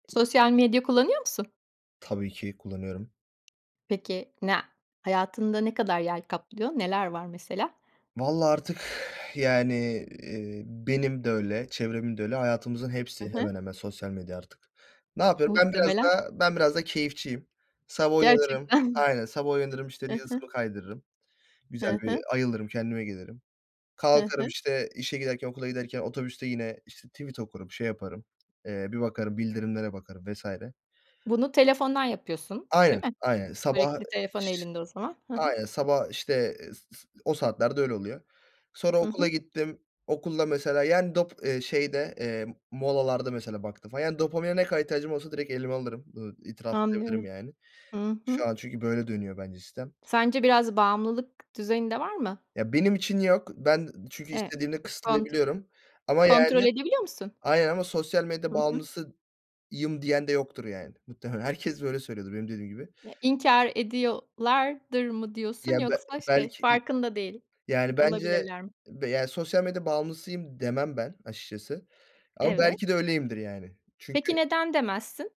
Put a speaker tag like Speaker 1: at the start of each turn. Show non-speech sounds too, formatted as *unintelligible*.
Speaker 1: Sosyal medya kullanıyor musun?
Speaker 2: Tabii ki, kullanıyorum.
Speaker 1: Peki na hayatında ne kadar yer kaplıyor? Neler var mesela?
Speaker 2: Valla artık, *exhales* yani, iii, benim de öyle çevremin de öyle hayatımızın
Speaker 1: Hı
Speaker 2: hepsi
Speaker 1: hı.
Speaker 2: hemen hemen sosyal medya artık. Ne yapıyorum? Ben biraz
Speaker 1: Muhtemelen.
Speaker 2: daha ben biraz da keyifçiyim sabah uyanırım
Speaker 1: Gerçekten!
Speaker 2: Aynen. Sabah uyanırım, işte,
Speaker 1: I
Speaker 2: Reels'ımı
Speaker 1: hı.
Speaker 2: kaydırırım. Güzel
Speaker 1: Hı
Speaker 2: bir
Speaker 1: hı.
Speaker 2: ayılırım, kendime gelirim.
Speaker 1: Hı
Speaker 2: Kalkarım,
Speaker 1: hı.
Speaker 2: işte, işe giderken okula giderken otobüste yine, işte, tweet okurum, şey yaparım. Eee, bir bakarım, bildirimlere bakarım vs.
Speaker 1: Bunu telefondan yapıyorsun,
Speaker 2: Aynen,
Speaker 1: değil mi? *unintelligible*
Speaker 2: aynen. Sabah
Speaker 1: Sürekli telefon
Speaker 2: ş
Speaker 1: elinde o zaman. Hı hı.
Speaker 2: Aynen sabah, işte, eee, s s o saatlerde öyle oluyor. Sonra
Speaker 1: Hı
Speaker 2: okula
Speaker 1: hı.
Speaker 2: gittim okulda mesela. Yani dop eee, şeyde, eee, molalarda mesela baktım falan. Yani dopamine ne kadar ihtiyacım olursa direkt elime alırım, ııı, itiraf edebilirim
Speaker 1: Anlıyorum.
Speaker 2: yani.
Speaker 1: Hı
Speaker 2: Şu
Speaker 1: hı.
Speaker 2: an çünkü böyle dönüyor bence sistem.
Speaker 1: Sence biraz bağımlılık düzeyinde var mı?
Speaker 2: Ya benim için yok ben çünkü
Speaker 1: E
Speaker 2: istediğimde
Speaker 1: Kont
Speaker 2: kısıtlayabiliyorum, ama
Speaker 1: kontrol
Speaker 2: yani
Speaker 1: edebiliyor musun?
Speaker 2: Aynen ama "Sosyal medya
Speaker 1: Hı hı.
Speaker 2: bağımlısıyım." diyen de yoktur yani. Muhtemelen herkes böyle söylüyordur benim dediğim gibi.
Speaker 1: Ye inkâr ediyolardır mı diyorsun,
Speaker 2: Ya be
Speaker 1: yoksa şey
Speaker 2: belki i
Speaker 1: farkında değil,
Speaker 2: yani bence
Speaker 1: olabilirler mi?
Speaker 2: be E, yani "Sosyal medya bağımlısıyım." demem ben açıkçası ama belki de
Speaker 1: Evet.
Speaker 2: öyleyimdir yani. Çünkü
Speaker 1: Peki neden demezsin?